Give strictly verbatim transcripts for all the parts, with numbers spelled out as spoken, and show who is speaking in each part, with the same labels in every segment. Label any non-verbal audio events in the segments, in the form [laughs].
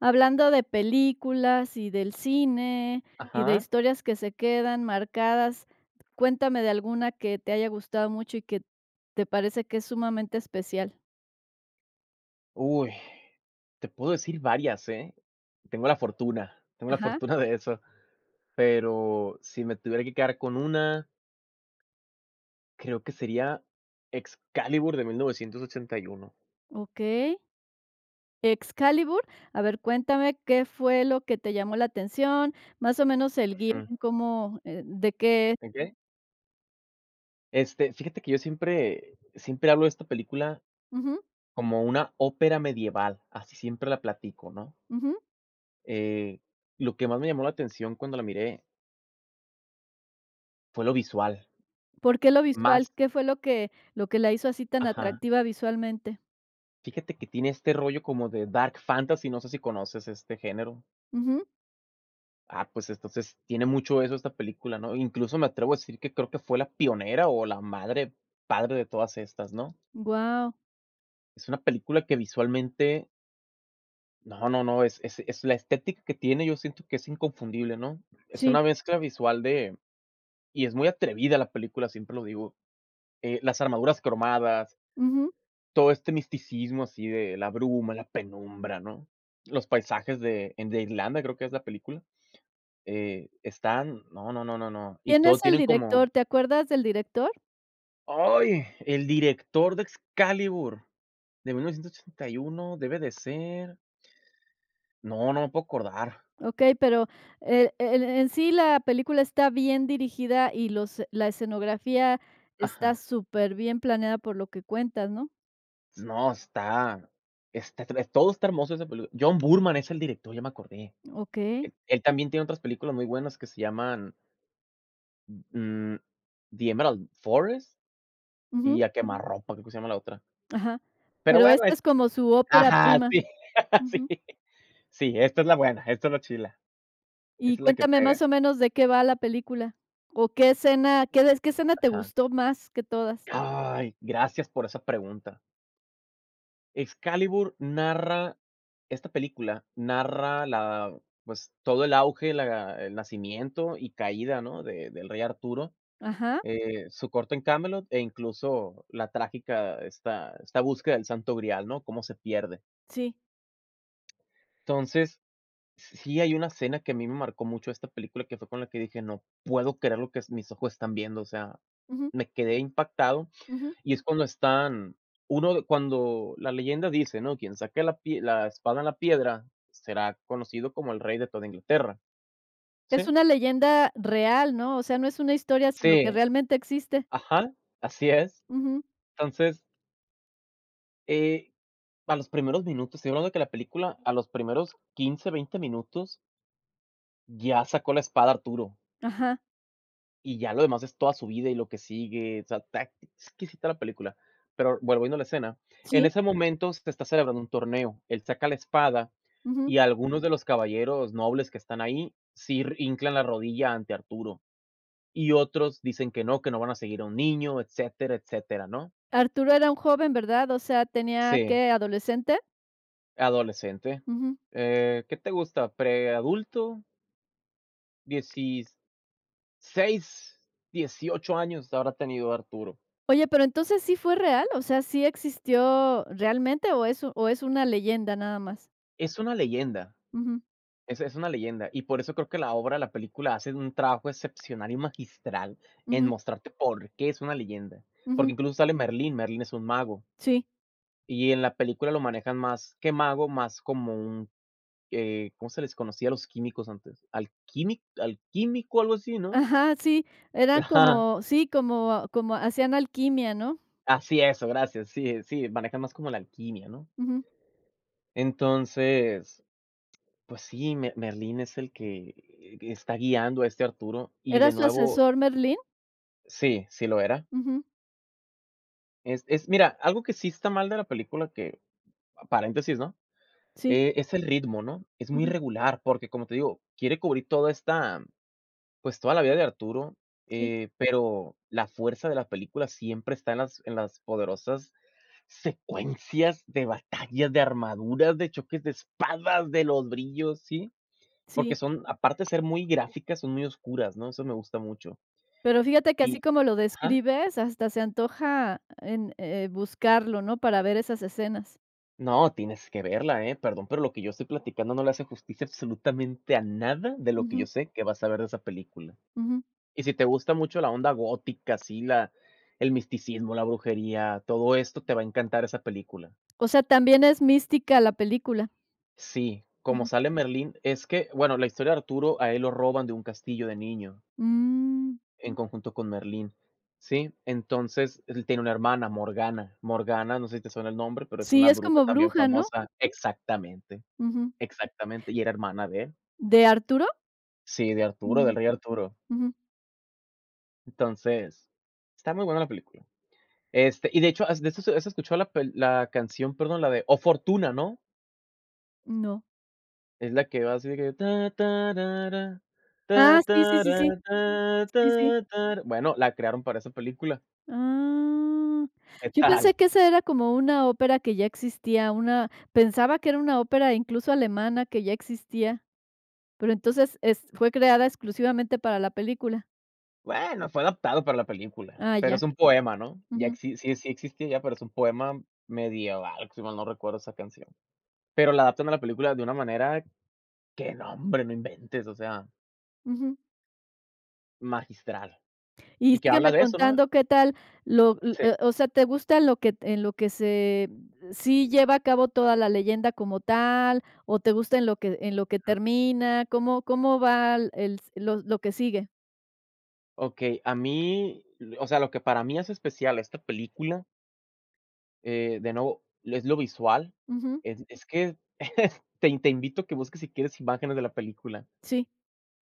Speaker 1: Hablando de películas y del cine, y de
Speaker 2: Ajá.
Speaker 1: historias que se quedan marcadas. Cuéntame de alguna que te haya gustado mucho y que te parece que es sumamente especial.
Speaker 2: Uy, te puedo decir varias, ¿eh? Tengo la fortuna, tengo la
Speaker 1: Ajá.
Speaker 2: fortuna de eso, pero si me tuviera que quedar con una creo que sería Excalibur de mil novecientos ochenta y uno.
Speaker 1: Okey. Excalibur. A ver, cuéntame qué fue lo que te llamó la atención, más o menos, el guion,
Speaker 2: Ujú.
Speaker 1: cómo, eh, de qué
Speaker 2: ¿En qué? Este, fíjate que yo siempre siempre hablo de esta película
Speaker 1: Ujú.
Speaker 2: como una ópera medieval, así siempre la platico, ¿no?
Speaker 1: Ujú.
Speaker 2: Eh, lo que más me llamó la atención cuando la miré fue lo visual.
Speaker 1: ¿Por qué lo visual,
Speaker 2: Más
Speaker 1: qué fue lo que lo que la hizo así tan
Speaker 2: Ajá.
Speaker 1: atractiva visualmente?
Speaker 2: Fíjate que tiene este rollo como de Dark Fantasy, no sé si conoces este género.
Speaker 1: Ujú.
Speaker 2: Ah, pues entonces, tiene mucho eso esta película, ¿no? Incluso, me atrevo a decir que creo que fue la pionera o la madre, padre de todas estas, ¿no?
Speaker 1: Guau.
Speaker 2: Es una película que visualmente No, no, no, es es es la estética que tiene, yo siento que es inconfundible, ¿no? Es
Speaker 1: Sí.
Speaker 2: una mezcla visual de y es muy atrevida la película, siempre lo digo, eh, las armaduras cromadas
Speaker 1: Ujú.
Speaker 2: todo este misticismo, así de la bruma, la penumbra, ¿no?, los paisajes de en de Irlanda, creo que es la película, eh, están, no, no, no, no, no, y
Speaker 1: ¿Quién
Speaker 2: todo
Speaker 1: es el
Speaker 2: tienen como
Speaker 1: director? ¿Te acuerdas del director?
Speaker 2: ¡Ay! El director de Excalibur de mil novecientos ochenta y uno debe de ser No, no me puedo acordar.
Speaker 1: Okey, pero, eh, en en sí la película está bien dirigida y los la escenografía está
Speaker 2: Ajá.
Speaker 1: superbién planeada por lo que cuentas, ¿no?
Speaker 2: No, está está tre todo está hermoso esa pelí John Boorman, es el director, ya me acordé.
Speaker 1: Okey.
Speaker 2: E él también tiene otras películas muy buenas que se llaman mm, The Emerald Forest,
Speaker 1: Ujú.
Speaker 2: y A Quemarropa, creo que se llama la otra.
Speaker 1: Ajá.
Speaker 2: Pero
Speaker 1: Pero
Speaker 2: bueno
Speaker 1: esta
Speaker 2: es
Speaker 1: es como su ópera
Speaker 2: Ajá.
Speaker 1: prima.
Speaker 2: Sí, sí,
Speaker 1: Ujú.
Speaker 2: sí, esta es la buena, esta es la chila.
Speaker 1: Y
Speaker 2: Esa es la que
Speaker 1: cuéntame,
Speaker 2: pega.
Speaker 1: ¿más o menos de qué va la película?, o, ¿qué escena, qué des qué escena te
Speaker 2: Ajá.
Speaker 1: gustó más que todas?
Speaker 2: ¡Ay! Gracias por esa pregunta. Excalibur narra, esta película narra la pues todo el auge, la el nacimiento y caída, ¿no?, de del rey Arturo,
Speaker 1: Ajá.
Speaker 2: eh, su corte en Camelot e incluso la trágica esta esta búsqueda del santo grial, ¿no?, cómo se pierde.
Speaker 1: Sí.
Speaker 2: Entonces, si si hay una escena que a mí me marcó mucho de esta película que fue con la que dije no puedo creer lo que s mis ojos están viendo, o sea,
Speaker 1: Ujú.
Speaker 2: me quedé impactado.
Speaker 1: Ujú.
Speaker 2: Y es cuando están, uno de cuando la leyenda dice, ¿no? Quien saque la pie la espada en la piedra será conocido como el rey de toda Inglaterra,
Speaker 1: Es
Speaker 2: ¿sí?
Speaker 1: una leyenda real, ¿no? O sea, no es una historia, sino que
Speaker 2: Sí.
Speaker 1: realmente existe.
Speaker 2: Ajá. Así es.
Speaker 1: Ujú.
Speaker 2: Entonces eh, para los primeros minutos, estoy hablando de que la película, a los primeros quince, veinte minutos. Ya sacó la espada Arturo.
Speaker 1: Ajá.
Speaker 2: Y ya lo demás es toda su vida y lo que sigue, o sea, está exquisita la película. Pero, volviendo a la escena, en
Speaker 1: Sí.
Speaker 2: ese momento, te está celebrando un torneo. Él saca la espada
Speaker 1: Ujú.
Speaker 2: y algunos de los caballeros nobles que están ahí sir hinclan la rodilla ante Arturo. Y otros dicen que no, que no van a seguir a un niño, etcétera, etcétera, ¿no?
Speaker 1: Arturo era un joven, ¿verdad? O sea, tenía
Speaker 2: Sí.
Speaker 1: ¿qué, adolescente?
Speaker 2: Adolescente.
Speaker 1: Ujú.
Speaker 2: Eh, ¿qué te gusta? ¿Preadulto? dieciséis, dieciocho años habrá tenido Arturo.
Speaker 1: Oye, pero entonces, ¿sí fue real? ¿O sea, sí existió realmente o es u o es una leyenda nada más?
Speaker 2: Es una leyenda,
Speaker 1: Ujú.
Speaker 2: es es una leyenda y por eso creo que la obra, la película hacen un trabajo excepcional y magistral en
Speaker 1: Ujú.
Speaker 2: mostrarte por qué es una leyenda. Porque
Speaker 1: Ujú.
Speaker 2: incluso sale Merlín, Merlín es un mago.
Speaker 1: Sí.
Speaker 2: Y en la película lo manejan más que mago, más como un, eh, ¿cómo se les conocía a los químicos antes? Alquímic alquímico algo así, ¿no?
Speaker 1: Ajá, sí, era
Speaker 2: Ajá.
Speaker 1: como sí, como como hacían alquimia, ¿no?
Speaker 2: Así, eso gracias, sí, eh, sí, maneja más como la alquimia, ¿no?
Speaker 1: Ujú.
Speaker 2: Entonces, pues sí, Me Merlín es el que, eh, está guiando a este Arturo y de
Speaker 1: ¿Era su
Speaker 2: nuevo.
Speaker 1: asesor Merlín?
Speaker 2: Sí, sí lo era.
Speaker 1: Ujú.
Speaker 2: Es es mira, algo que sí está mal de la película que, paréntesis, ¿no?,
Speaker 1: Sí.
Speaker 2: eh, es el ritmo, ¿no?, es muy
Speaker 1: Ujú.
Speaker 2: regular, porque, como te digo, quiere cubrir toda esta, pues, toda la vida de Arturo,
Speaker 1: Sí.
Speaker 2: eh, pero la fuerza de la película siempre está en las en las poderosas secuencias de batallas, de armaduras, de choques de espadas, de los brillos, sí Porque
Speaker 1: Sí.
Speaker 2: son, aparte de ser muy gráficas, son muy oscuras, ¿no? Eso me gusta mucho.
Speaker 1: Pero fíjate que
Speaker 2: Y
Speaker 1: así como lo
Speaker 2: ajá.
Speaker 1: describes, hasta se antoja en, eh, buscarlo, ¿no?, para ver esas escenas.
Speaker 2: No, tienes que verla, ¿eh? Perdón, pero lo que yo estoy platicando no le hace justicia absolutamente a nada de lo que yo
Speaker 1: Ujú.
Speaker 2: sé que vas a ver de esa película.
Speaker 1: Ujú.
Speaker 2: Y si te gusta mucho la onda gótica, así, la el misticismo, la brujería, todo esto te va a encantar esa película.
Speaker 1: O sea, también es mística la película.
Speaker 2: Sí, como
Speaker 1: Ujú.
Speaker 2: sale Merlín es que, bueno, la historia de Arturo a él lo roban de un castillo de niño.
Speaker 1: Mm.
Speaker 2: En conjunto con Merlín, ¿sí? Entonces, él tiene una hermana, Morgana. Morgana, no sé si te suena el nombre, pero es
Speaker 1: Sí,
Speaker 2: una
Speaker 1: es
Speaker 2: bruja
Speaker 1: como
Speaker 2: también
Speaker 1: bruja, ¿no?
Speaker 2: famosa. Exactamente,
Speaker 1: Ujú.
Speaker 2: exactamente, y era hermana de él.
Speaker 1: ¿De Arturo?
Speaker 2: Sí, de Arturo,
Speaker 1: Ujú.
Speaker 2: del rey Arturo.
Speaker 1: Ujú.
Speaker 2: Entonces, está muy buena la película. Este, y, de hecho, has de eso has has escuchado la pel la canción, perdón, la de O Fortuna, ¿no?
Speaker 1: No.
Speaker 2: Es la que va así de que,
Speaker 1: Ah, sí, sí, sí, sí. Sí, sí.
Speaker 2: [humming] bueno, la crearon para esa película.
Speaker 1: Ah,
Speaker 2: ¿Qué
Speaker 1: yo
Speaker 2: tal?
Speaker 1: pensé que ese era como una ópera que ya existía, una, pensaba que era una ópera, incluso, alemana, que ya existía. Pero entonces, es fue creada exclusivamente para la película.
Speaker 2: Bueno, fue adaptado para la película,
Speaker 1: Ah,
Speaker 2: pero
Speaker 1: ya.
Speaker 2: es un poema, ¿no? Ya
Speaker 1: Ujú.
Speaker 2: exis sí sí existía pero es un poema medieval, si mal no recuerdo esa canción. Pero la adaptan a la película de una manera que no hombre, no inventes, o sea.
Speaker 1: Ujú.
Speaker 2: Magistral.
Speaker 1: Y
Speaker 2: Y que habla
Speaker 1: sígueme
Speaker 2: de eso, ¿no?
Speaker 1: contando qué tal lo o
Speaker 2: Sí.
Speaker 1: o sea, ¿te gusta lo que en lo que se sí lleva a cabo toda la leyenda como tal? ¿O te gusta en lo que en lo que
Speaker 2: Ujú.
Speaker 1: termina? ¿Cómo cómo va l el s lo lo que sigue?
Speaker 2: Okey, a mí l o sea lo que para mí hace especial a esta película eh, de nuevo lo es lo visual.
Speaker 1: Ujú.
Speaker 2: Es es que [chuckles] te te invito que busques si quieres imágenes de la película.
Speaker 1: Sí,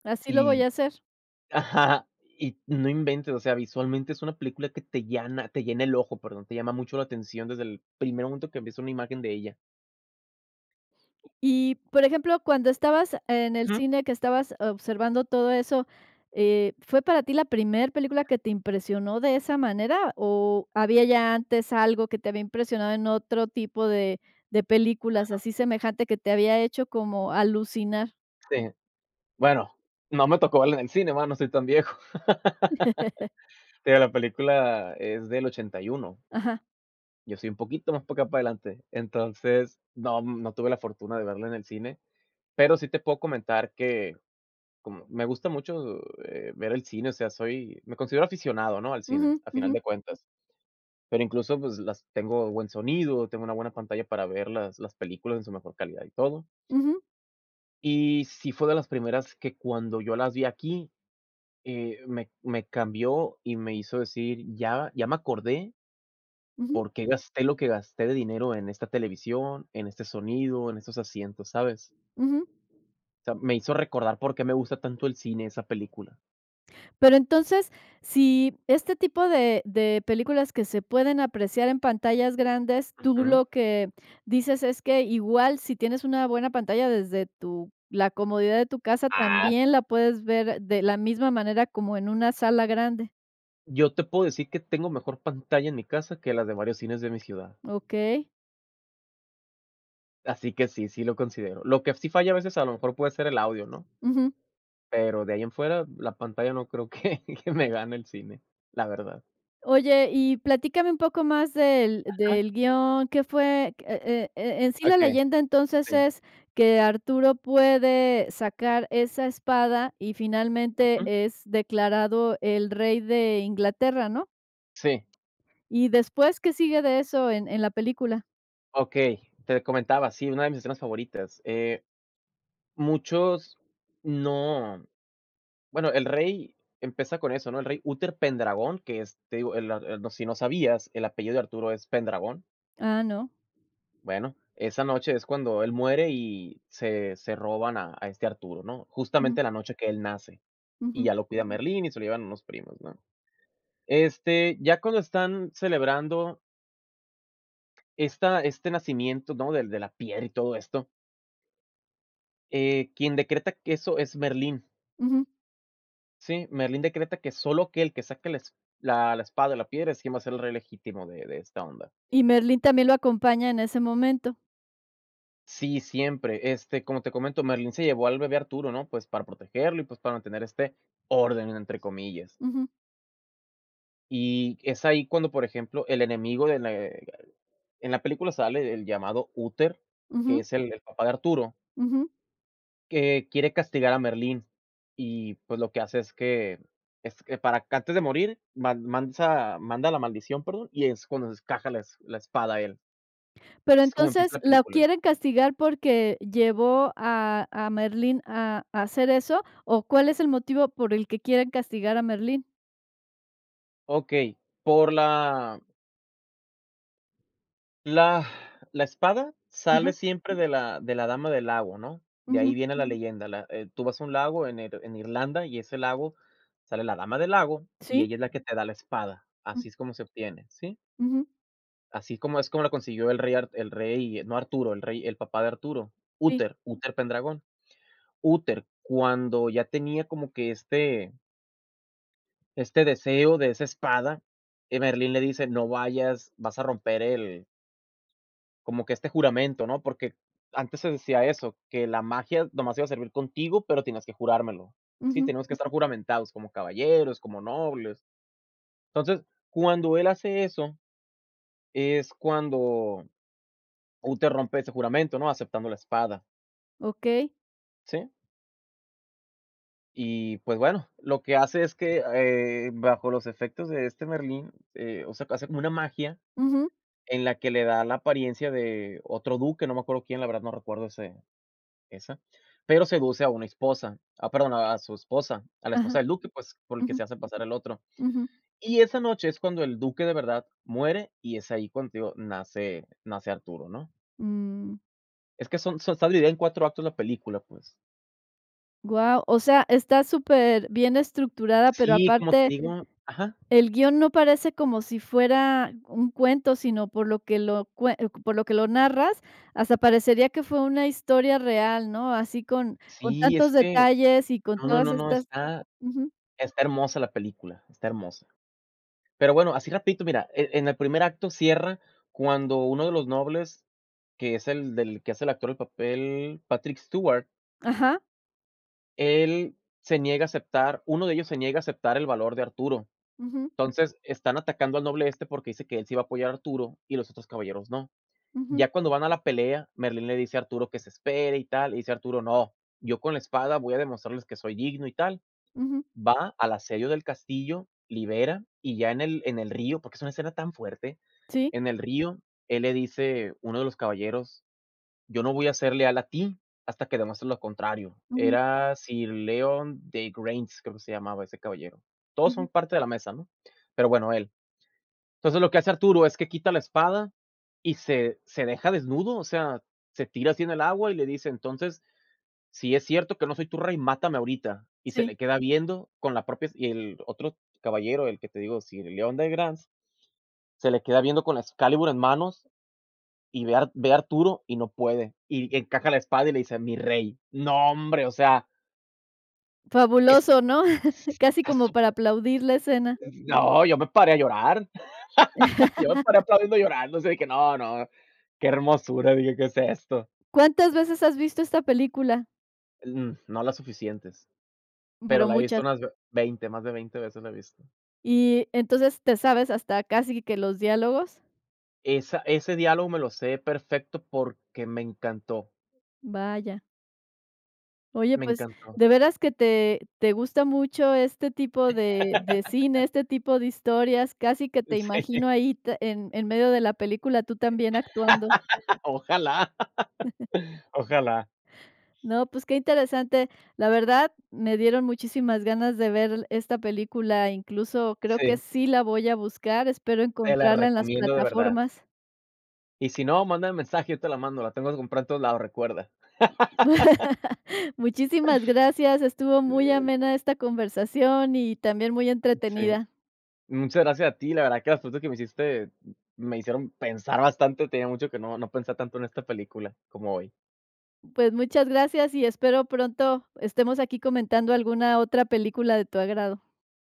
Speaker 1: así lo voy
Speaker 2: Y
Speaker 1: a hacer.
Speaker 2: ajá, y no inventes, o sea, visualmente es una película que te llana, te llena el ojo, perdón, te llama mucho la atención desde el primer momento que ves una imagen de ella.
Speaker 1: Y, por ejemplo, cuando estabas en el
Speaker 2: Ujú.
Speaker 1: cine, que estabas observando todo eso, eh, ¿fue para ti la primer película que te impresionó de esa manera? ¿O había ya antes algo que te había impresionado en otro tipo de de películas
Speaker 2: Ajá.
Speaker 1: así semejante que te había hecho como alucinar?
Speaker 2: Sí, bueno, no me tocó verla en el cine, va, no soy tan viejo.
Speaker 1: [laughs]
Speaker 2: [laughs] Pero la película es del ochenta y uno.
Speaker 1: Ajá.
Speaker 2: Yo soy un poquito más para acá para adelante. Entonces, no no tuve la fortuna de verla en el cine. Pero sí te puedo comentar que, como me gusta mucho, eh, ver el cine, o sea, soy me considero aficionado, ¿no?, al cine,
Speaker 1: Ujú,
Speaker 2: a final
Speaker 1: ujú.
Speaker 2: de cuentas. Pero incluso, pues, las tengo buen sonido, tengo una buena pantalla para ver las las películas en su mejor calidad y todo.
Speaker 1: Ujú.
Speaker 2: Y sí fue de las primeras que cuando yo las vi aquí, eh, me me cambió y me hizo decir: "Ya ya me acordé"
Speaker 1: Ujú.
Speaker 2: "porqué gasté lo que gasté de dinero en esta televisión, en este sonido, en estos asientos", ¿sabes?
Speaker 1: Ujú.
Speaker 2: O sea, me hizo recordar porqué me gusta tanto el cine, esa película.
Speaker 1: Pero entonces, si este tipo de de películas que se pueden apreciar en pantallas grandes, tú
Speaker 2: Ujú.
Speaker 1: lo que dices es que igual si tienes una buena pantalla desde tu la comodidad de tu casa,
Speaker 2: Ah.
Speaker 1: también la puedes ver de la misma manera como en una sala grande.
Speaker 2: Yo te puedo decir que tengo mejor pantalla en mi casa, que las de varios cines de mi ciudad.
Speaker 1: Okey.
Speaker 2: Así que sí, sí lo considero. Lo que sí falla a veces a lo mejor puede ser el audio, ¿no?
Speaker 1: Ujú.
Speaker 2: Pero de ahí en fuera, la pantalla no creo que que me gane el cine, la verdad.
Speaker 1: Oye, y platícame un poco más del
Speaker 2: Ajá.
Speaker 1: del guión, qué fue q E e e en sí la
Speaker 2: Okey.
Speaker 1: leyenda, entonces,
Speaker 2: Sí.
Speaker 1: es que Arturo puede sacar esa espada, y finalmente
Speaker 2: Ujú.
Speaker 1: es declarado el rey de Inglaterra, ¿no?
Speaker 2: Sí.
Speaker 1: Y después, ¿qué sigue de eso en en la película?
Speaker 2: Okey, te comentaba, sí, una de mis escenas favoritas. Eh, muchos No Bueno, el rey, empieza con eso, ¿no? El rey, Uter Pendragón que es, te digo, el, ah, el no, si no sabías el apellido de Arturo es Pendragón.
Speaker 1: Ah, no.
Speaker 2: Bueno, esa noche es cuando él muere y se se roban a a este Arturo, ¿no?,
Speaker 1: Ujú.
Speaker 2: justamente la noche que él nace. Y
Speaker 1: Ujú.
Speaker 2: ya lo cuida Merlín y se lo llevan unos primos, ¿no? Este, ya cuando están celebrando esta este nacimiento, ¿no?, Del de la piel y todo esto eh, quien decreta que eso, es Merlín.
Speaker 1: Ujú.
Speaker 2: Sí, Merlín decreta que solo aquel que saque la esp la la espada de la piedra, es quien va a ser el rey legítimo de de esta onda.
Speaker 1: Y Merlín también lo acompaña en ese momento.
Speaker 2: Sí, siempre. Este, como te comento, Merlín se llevó al bebé Arturo, ¿no?, pues, para protegerlo, y, pues, para mantener este orden entre comillas.
Speaker 1: Ujú.
Speaker 2: Y es ahí cuando, por ejemplo, el enemigo de le en la película sale el llamado Úter, que
Speaker 1: Ujú.
Speaker 2: es el el papá de Arturo
Speaker 1: Ujú.
Speaker 2: que quiere castigar a Merlín. Y, pues, lo que hace es que es que para ca antes de morir, man mansa manda la maldición, perdón, y es cuando s caja las la espada él
Speaker 1: Pero,
Speaker 2: es como empieza
Speaker 1: entonces,
Speaker 2: la
Speaker 1: ¿la
Speaker 2: película.
Speaker 1: quieren castigar, porque llevó a a Merlín a a hacer eso? O ,¿cuál es el motivo por el que quieren castigar a Merlín?
Speaker 2: Okey, por la la la espada
Speaker 1: Ajá.
Speaker 2: sale siempre de la de la Dama del Lago ¿no?, de ahí
Speaker 1: Ujú.
Speaker 2: viene la leyenda, la eh, tú vas a un lago en Ir en Irlanda, y ese lago sale la Dama del Lago. Y
Speaker 1: Sí.
Speaker 2: ella es la que te da la espada, así
Speaker 1: Mm.
Speaker 2: es como se obtiene, ¿sí?
Speaker 1: Ujú.
Speaker 2: Así como es como lo consiguió el rey Ar el rey, no Arturo, el rey, el papá de Arturo,
Speaker 1: Sí.
Speaker 2: Úter, Úter Pendragón. Úter, cuando ya tenía como que este este deseo de esa espada, que Merlín le dice: "No vayas, vas a romper el" "como que este juramento, ¿no?". Porque antes se decía eso, que la magia nomás iba a servir contigo, pero tenías que jurármelo. Sí,
Speaker 1: Ujú.
Speaker 2: tenemos que estar juramentados, como caballeros, como nobles. Entonces, cuando él hace eso, es cuando Úter rompe ese juramento, ¿no?, aceptando la espada.
Speaker 1: Okey.
Speaker 2: ¿Sí? Y, pues, bueno, lo que hace es que, eh, bajo los efectos de este Merlín, eh, o sea, hace como una magia
Speaker 1: Ujú.
Speaker 2: en la que le da la apariencia de otro duque, no me acuerdo quién, la verdad, no recuerdo ese esa, pero seduce a una esposa, ah, perdón, a a su esposa, a la
Speaker 1: Ajá.
Speaker 2: esposa del duque, pues, por el que
Speaker 1: Ujú.
Speaker 2: se hace pasar el otro.
Speaker 1: Ujú.
Speaker 2: Y esa noche es cuando el duque de verdad, muere, y es ahí cuando, te digo, nace nace Arturo, ¿no?
Speaker 1: Mm.
Speaker 2: Es que son son, esta dividida en cuatro actos, la película, pues.
Speaker 1: Guau, o sea, está superbién estructurada, pero
Speaker 2: Sí, como te
Speaker 1: aparte
Speaker 2: digo ajá.
Speaker 1: el guion no parece como si fuera un cuento, sino, por lo que lo cue por lo que lo narras, hasta parecería que fue una historia real, ¿no? Así con con
Speaker 2: Sí, es
Speaker 1: tantos
Speaker 2: que
Speaker 1: detalles y con
Speaker 2: no,
Speaker 1: todas
Speaker 2: no, no,
Speaker 1: estas
Speaker 2: está
Speaker 1: ujú.
Speaker 2: está hermosa la película, está hermosa. Pero bueno, así rapidito, mira, eh, en el primer acto cierra cuando uno de los nobles, que es el del que hace el actor del papel, Patrick Stewart.
Speaker 1: Ajá.
Speaker 2: Él se niega a aceptar uno de ellos se niega a aceptar el valor de Arturo.
Speaker 1: Ujú.
Speaker 2: Entonces, están atacando al noble este porque dice que él sí va a apoyar a Arturo y los otros caballeros no.
Speaker 1: Ujú.
Speaker 2: Ya cuando van a la pelea, Merlín le dice a Arturo que se espere y tal, le dice Arturo: "No, yo con la espada voy a demostrarles que soy digno y tal".
Speaker 1: Ujú.
Speaker 2: Va al asedio del castillo, libera, y ya en el en el río, porque es una escena tan fuerte,
Speaker 1: Sí.
Speaker 2: en el río, él le dice, uno de los caballeros: "Yo no voy a ser leal a ti, hasta que demuestres lo contrario".
Speaker 1: Ujú.
Speaker 2: Era Sir Leodegrance, creo que se llamaba ese caballero. Todos son
Speaker 1: Ujú.
Speaker 2: parte de la mesa, ¿no? Pero bueno, él. Entonces, lo que hace Arturo es que quita la espada y se se deja desnudo, o sea, se tira así, en el agua y le dice: "Entonces, si es cierto que no soy tu rey, mátame ahorita". Y se
Speaker 1: Sí.
Speaker 2: le queda viendo con la propias, y el otro caballero, el que te digo, sir Leodegrance, se le queda viendo con la excalibur en manos, y ve a Ar ve a Arturo y no puede. Y encaja la espada y le dice: "Mi rey". No hombre, o sea. Es s
Speaker 1: Fabuloso, ¿no? [chuckles] Casi
Speaker 2: tá
Speaker 1: como para
Speaker 2: súper
Speaker 1: aplaudir la escena.
Speaker 2: Mm, no, yo me paré a llorar. [laughs] Yo me paré,
Speaker 1: [laughs]
Speaker 2: aplaudiendo y llorando, o sea, que no, no. "Que hermosura", dije, "¿Qué es esto?".
Speaker 1: ¿Cuántas veces has visto esta película?
Speaker 2: En, mm, no las suficientes. Pero
Speaker 1: Pero
Speaker 2: la he visto
Speaker 1: muchas.
Speaker 2: unas ve veinte, más de veinte veces la he visto.
Speaker 1: Y entonces, ¿te sabes hasta casi que los diálogos?
Speaker 2: Esa ese diálogo me lo sé perfecto, porque me encantó.
Speaker 1: Vaya. Oye,
Speaker 2: Me
Speaker 1: pues,
Speaker 2: encantó.
Speaker 1: de veras que te te gusta mucho este tipo de de cine, este
Speaker 2: [laughs]
Speaker 1: tipo de historias, casi que te
Speaker 2: Sí.
Speaker 1: imagino ahí te en en medio de la película tú también actuando.
Speaker 2: Ojalá,
Speaker 1: [chuckles]
Speaker 2: Ojalá.
Speaker 1: No, pues, qué interesante. La verdad, me dieron muchísimas ganas de ver l esta película, incluso creo que
Speaker 2: Sí.
Speaker 1: sí la voy a buscar, espero
Speaker 2: Te la
Speaker 1: encontrarla en las
Speaker 2: recomiendo, de verdad.
Speaker 1: plataformas.
Speaker 2: Y si no, mándame mensaje, yo te la mando, la tengo que comprada en todos lados, recuerda. [laughs]
Speaker 1: [laughs] Muchísimas gracias, estuvo
Speaker 2: Sí,
Speaker 1: muy
Speaker 2: sí.
Speaker 1: amena esta conversación y también muy
Speaker 2: Sí.
Speaker 1: entretenida.
Speaker 2: Muchas gracias a ti. La verdad que las cosas que me dijiste me hicieron pensar bastante, tenía mucho que no no pensaba tanto en esta película como hoy.
Speaker 1: Pues, muchas gracias y espero pronto estemos aquí comentando alguna otra película de tu agrado.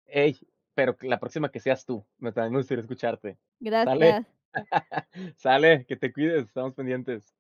Speaker 2: Ey, pero que la próxima que seas tú, me tambien me gustaria escucharte, ¿sale?
Speaker 1: Gracias.
Speaker 2: [laughs] Sale, que te cuides, estamos pendientes.